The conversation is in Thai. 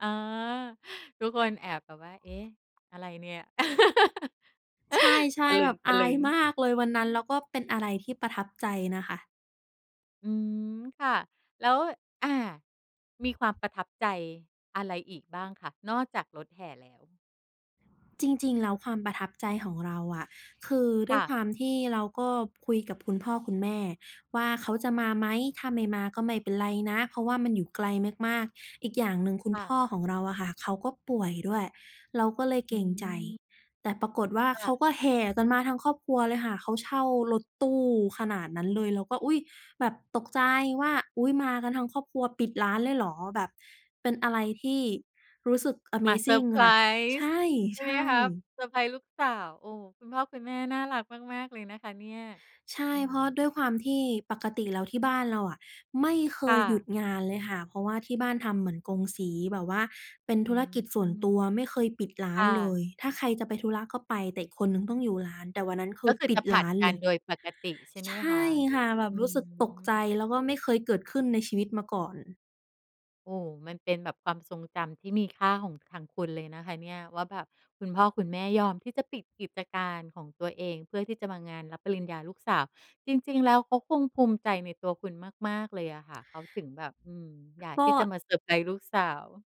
อ๋อ ทุกคนแอบแบบว่า เอ๊ะ อะไรเนี่ย ใชต่ ะๆ แบบอาลึยง มากๆ เลยวันนั้น แล้วก็เป็นอะไรที่ประทับใจนะคะ อืม ค่ะ แล้ว อา มีความประทับใจอะไรอีกบ้างคะ? นอกจากรถแห่แล้ว จริง ๆ แล้วความประทับใจของเราอะ คือดค้ว่ยะ ความที่เราก็คุยกับคุณพ่อคุณแม่ว่าเขาจะมาไหม ถ้าไม่มาก็ไม่เป็นไรนะ เพราะว่ามันอยู่ไกลมาก ๆ อีกอย่างหนึ่งคุคณ่พะ ่อของเราอะค่ะ เขาก็ป่วยด้วย เราก็เลยเอกรงใจ ืม แต่ปรากฏว่าคเข่าะ ก็แห่ กันมาทั้งครอบครัวเลยค่ะ เขาเช่ารถตู้ขนาดนั้นเลย เราก็ อุ๊ย! แบบตกใจว่า อุ๊ย! มากันทั้งครอบครัว ปิดร้านเลยเหรอ? แบบ เป็นอะไรที่รู้สึกอะเมมาเซซอิรง ์ไพรค่ะ ใชส์ ่ ใช่ใชไหมคะ ่ เซอร์ไพรส์ลูกสาว โอ้โฮ! คุณพ่อคุณแม่น่ารักมาก ๆ เลยนะคะเนี่ย ใช่ อืเพราะด้ม วยความที่ปกติแล้วที่บ้านเราอะไม่เคค่ยหยุดะ งานเลยค่ะ เพราะว่าที่บ้านทำเหมือนกงสี แบบว่าเป็นอืธุรกิจส่วนม ตัว ไม่เคยปิดร้าค่นเละ ย ถ้าใครจะไปธุระก็ไป แต่อีกคนหนึ่งต้องอยู่ร้าน แต่วันนั้นคืก็อคือปิจดะผลรัด้านกัเลนย โดยปกติใช่ไหใมชค่ะ? ค่ะ แบบอืรู้สึกตกใจ ม แล้วก็ไม่เคยเกิดขึ้นในชีวิตมาก่อน โอ้โฮ! มันเป็นแบบความทรงจำที่มีค่าของทางคุณเลยนะคะเนี่ย ว่าแบบคุณพ่อคุณแม่ยอมที่จะปิดกิจการของตัวเอง เพื่อที่จะมางานรับปริญญาลูกสาว จริง ๆ แล้วเขาคงภูมิใจในตัวคุณมาก ๆ เลยอะค่ะ เขาถึงแบบ อืม อยากกที็ ่จะมาเซอร์ไพรส์ลูกสาว